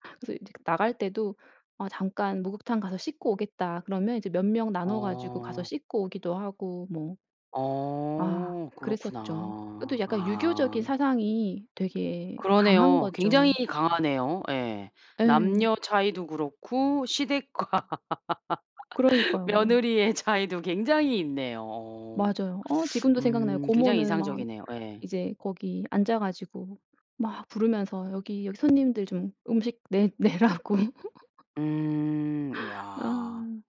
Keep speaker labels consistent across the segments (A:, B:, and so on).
A: 그래서 이제 나갈 때도 "아 잠깐 목욕탕 가서 씻고 오겠다." 그러면 이제 몇 명 나눠 가지고 가서
B: 어.
A: 씻고 오기도 하고 뭐. 아
B: 어
A: 그랬었죠. 그것도
B: 그렇구나.
A: 약간 유교적인
B: 아.
A: 사상이 되게 강한
B: 그러네요. 굉장히
A: 거죠.
B: 강하네요. 예.
A: 예.
B: 남녀 차이도 그렇고 시댁과
A: 그러니까요.
B: 며느리의 차이도 굉장히 있네요. 어.
A: 맞아요. 어 지금도 생각나요.
B: 음 굉장히
A: 고모는 막
B: 인상적이네요. 예.
A: 이제 거기 앉아 가지고 막 부르면서 여기, 여기 손님들 좀 음식 내 내라고.
B: 음 야.
A: 아.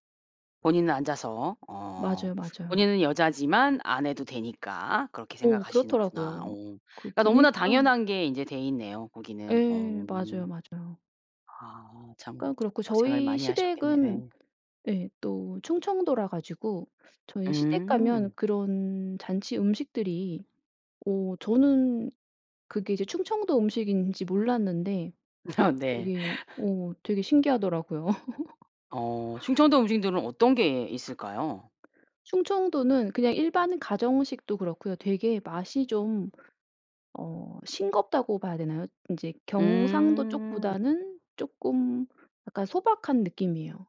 B: 본인은 앉아서 어.
A: 맞아요, 맞아요.
B: 본인은 여자지만 안 해도 되니까 그렇게
A: 어
B: 생각하시는구나. 어.
A: 그렇더라고요. 그
B: 그니깐 너무나
A: 분위기가
B: 당연한 게 인제 돼있네요 거기는.
A: 예.
B: 어.
A: 맞아요, 맞아요.
B: 아 참
A: 그러니까 그렇고
B: 고생을
A: 저희
B: 많이 하셨겠네.
A: 시댁은
B: 예.
A: 예 또 충청도라 가지고 저희 시댁 가면
B: 음.
A: 그런 잔치 음식들이 어 저는 그게 이제 충청도 음식인지 몰랐는데
B: 아 네.
A: 되게 어 되게 신기하더라고요.
B: 어 충청도 음식들은 어떤 게 있을까요?
A: 충청도는 그냥 일반 가정식도 그렇고요. 되게 맛이 좀 어 싱겁다고 봐야 되나요? 인제 경상도
B: 음.
A: 쪽보다는 쪼끔 약간 소박한 느낌이에요.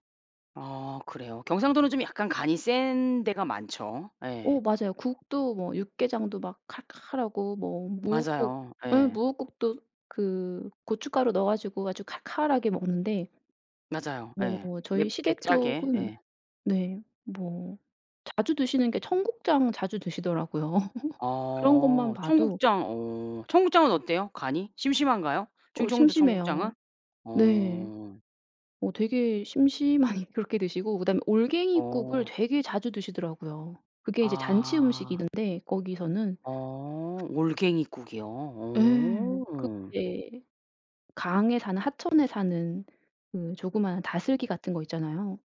B: 어 그래요. 경상도는 좀 약간 간이 센 데가 많죠. 예.
A: 어 맞아요. 국도 뭐 육개장도 막 칼칼하고 뭐 무국
B: 맞아요.
A: 응
B: 예.
A: 무국도 그 고춧가루 넣어 가지고 아주 칼칼하게 먹는데
B: 맞아요.
A: 뭐
B: 예.
A: 저희
B: 맵게
A: 시댁
B: 짜게
A: 쪽은
B: 예.
A: 네 뭐 자주 드시는 게 청국장 자주 드시더라고요. 그런 것만
B: 어
A: 봐도
B: 청국장. 어 청국장은 어때요? 간이? 심심한가요?
A: 어
B: 충청도 청국장은?
A: 심심해요. 네.
B: 어.
A: 어 되게 심심하니 그렇게 드시고 그 다음에 올갱이국을
B: 어.
A: 되게 자주 드시더라고요. 그게 이제 잔치
B: 아.
A: 음식인데 거기서는.
B: 어 올갱이국이요?
A: 예.
B: 오.
A: [unintelligible] 강에 사는 하천에 사는 그 조그마한 다슬기 같은 거 있잖아요.